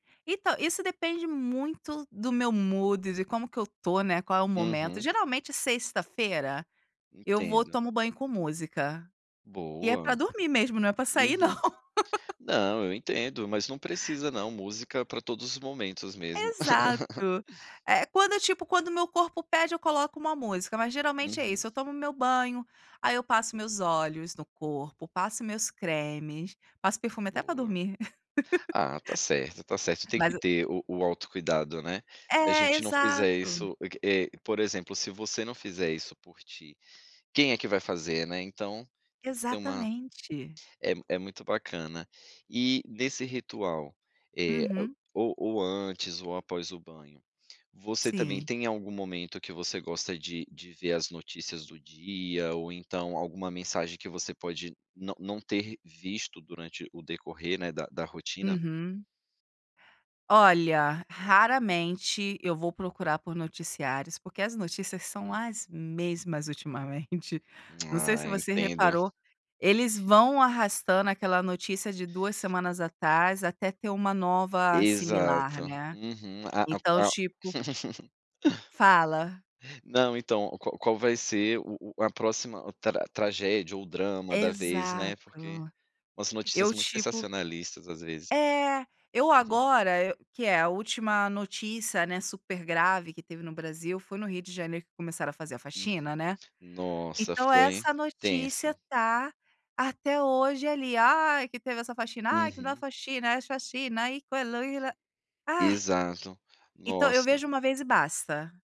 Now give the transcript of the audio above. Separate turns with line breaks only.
Então, isso depende muito do meu mood, de como que eu tô, né, qual é o momento,
Uhum.
geralmente, sexta-feira eu vou,
Entendo.
tomo banho com música, e é para
Boa.
dormir mesmo, não é para sair não.
Uhum. Não, eu entendo, mas não precisa não, música é para todos os momentos mesmo.
Exato. É quando, tipo, quando o meu corpo pede, eu coloco uma música, mas geralmente é
Uhum.
isso, eu tomo o meu banho, aí eu passo meus óleos no corpo, passo meus cremes, passo perfume até para
Boa.
dormir.
Ah, tá certo, tá certo, tem que
Mas eu
ter o o autocuidado, né, se a
É,
gente não fizer
exato.
isso, eh, que, por exemplo, se você não fizer isso por ti, quem é que vai fazer, né? Então, tem que ser uma
Exatamente.
é é muito bacana. E, nesse ritual, eh,
Uhum.
ou antes ou após o banho, você também
Sim.
tem algum momento que você gosta de de ver as notícias do dia, ou então alguma mensagem que você pode não não ter visto durante o decorrer, né, da da rotina?
Uhum. Olha, raramente eu vou procurar por noticiários, porque as notícias são
Uhum.
as mesmas, ultimamente. Não sei
Ah,
se você
entendo.
reparou, eles vão arrastando aquela notícia de 2 semanas atrás até ter uma nova similar,
Exato.
né,
Uhum. A a
então
a
tipo Fala!
Não, então, qual qual vai ser o o a próxima tra tragédia ou drama da vez, né, porque
Exato.
umas notícias
Eu
muito
tipo
sensacionalistas, às vezes.
É, eu
Uhum.
agora, que é a última notícia, né, super grave que teve no Brasil, foi no Rio de Janeiro que começaram a fazer a
Uhum.
faxina, né,
Nossa,
então
foi
essa notícia
tenso.
tá, até hoje, ali, “Ah, que teve essa faxina, ah, que não é
Uhum.
faxina, é chacina, aí,". [unintelligible] Ai!
Exato,
Então, eu
nossa.
vejo uma vez e basta.